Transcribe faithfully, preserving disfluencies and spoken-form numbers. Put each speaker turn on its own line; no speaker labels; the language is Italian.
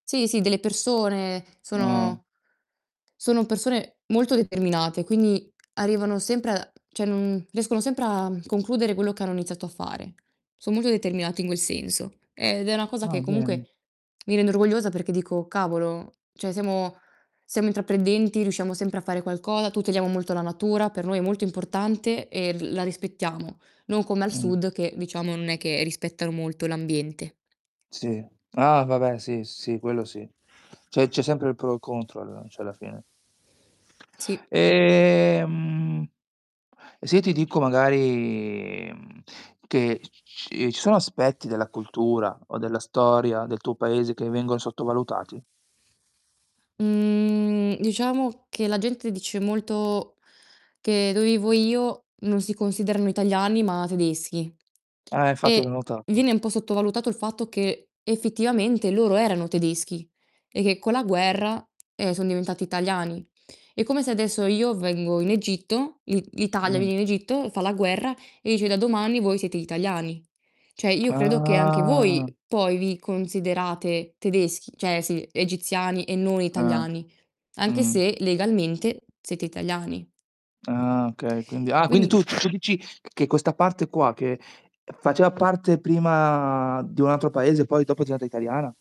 Sì, sì, delle persone.
Ah.
Sono sono persone molto determinate, quindi arrivano sempre a ceh non riescono sempre a concludere quello che hanno iniziato a fare, son molto determinati in quel senso ed è una cosa
Ah,
che
bene.
comunque mi rende orgogliosa perché dico: "Cavolo, ceh siamo siamo intraprendenti, riusciamo sempre a fare qualcoa, tuteliamo molto la natura, per noi è molto importante e l la rispettiamo"; non come al
Mh.
sud che, diciamo, non è che rispettano molto l'ambiente.
Sì. Ah, vabbè, sì, s sì, quello sì. ceh, c'è sempre il pro o contro, alla ceh, alla fine.
Sì.
Ehm, e se io ti dico magari, mhmm, che c c ci ci sono aspetti della cultura o della storia del tuo paese che vengon sottovalutati?
Mhmm, diciamo che la gente dice molto che dove vivo io non si considerano italiani, ma tedeschi
Eh, infatti, l'ho
e
notato.
viene un po' sottovalutato il fatto che, effettivamente, loro erano tedeschi e che con la guerra, eh, son diventati italiani. È come se adesso io vengo in Egitto, l'I l'Italia
Mh.
viene in Egitto, fa la guerra e dice: "Da domani voi siete italiani." ceh io credo che anche voi
Ah.
poi vi considerate tedeschi ceh, sì, egiziani e non
Ah.
italiani, anche
Mh.
se legalmente siete italiani.
Ah, okay, quindi ah, quindi tu
Quindi
tu ci dici che questa parte qua che faceva parte prima di un altro paese, poi dopo diventa italiana?